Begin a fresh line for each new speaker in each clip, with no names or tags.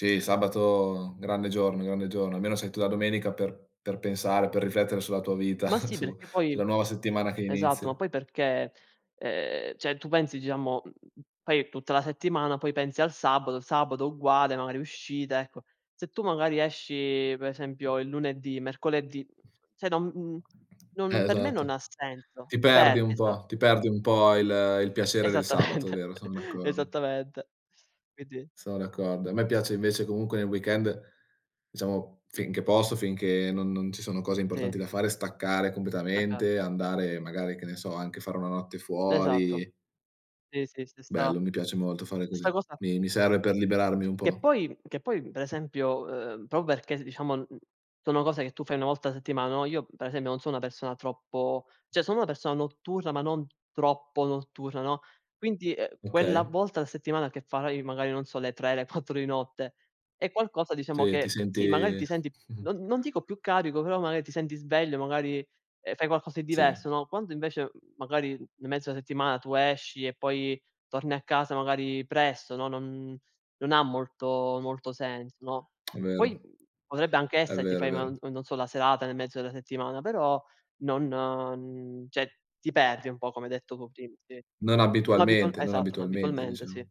Sì, il sabato grande giorno grande giorno. Almeno sei tu la domenica per per pensare, per riflettere sulla tua vita,
Ma sì,
su
perché poi
sulla nuova settimana che
esatto, ma
inizia.
poi perché, ehm, cioè, tu pensi diciamo, poi tutta la settimana, poi pensi al sabato, il sabato uguale, magari uscite, ecco. Se tu magari esci per esempio il lunedì, mercoledì, cioè, non
Eh
non per me non ha
esatto.
senso.
Ti
Ti
perdi
perdi,
un po', ti
esatto.
perdi un po' il il piacere del sabato, è
Esattamente,
vero, sono d'accor
esattamente. Quindi
Sono d'accordo. A me piace invece comunque nel weekend, diciamo, finché posso, finché non non ci sono cose importanti
Sì.
da fare, staccare
[unintelligible]
completamente, andare magari che ne so, anche fare 1 notte
Esatto.
fuori
Sì, sì, stessa
Bello, mi piace molto fare così.
stessa cosa
Mi mi serve per liberarmi un
Che
po'.
poi che poi per esempio, ehm, proprio perché diciamo sono cose che tu fai 1 volta a settimana, no io per esempio non sono una persona troppo cioè, sono una persona notturna, ma non troppo notturna, no, quindi, ehm, quella
Okay.
volta alla settimana che farai magari non sono le 3, le 4 di notte, è qualcosa diciamo
Sì, ti
che sì, magari
senti
ti senti, non non dico più carico, però magari ti senti sveglio, magari, ehm, fai qualcosa di
Sì.
diverso, no. Quando invece magari in mezzo alla settimana tu esci e poi torni a casa magari presto, no, non non ha molto molto senso, no.
Vero.
Poi potrebbe anche
È
essere ti
vero, è
fai no
vero.
non so la serata nel mezzo della settimana, però non cioè, ti perdi un po' come hai detto cu prim sì.
Non
No abitual
abitualmente non
esatto, no
abitualmente
abitualmente, sì.
diciamo.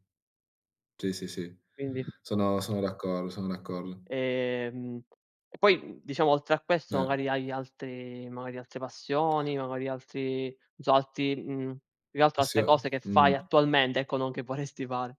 Sì, sì, sì,
Quindi.
sono sono d'accordo sono d'accordo.
Ehm poi diciamo oltre a questo
Mer
magari hai altri magari altre passioni, magari altri non so, altri, mhmm più che altro
Ah sì,
altre
eh?
cose che fai
Mhmm.
attualmente, ecco non che vorresti fare.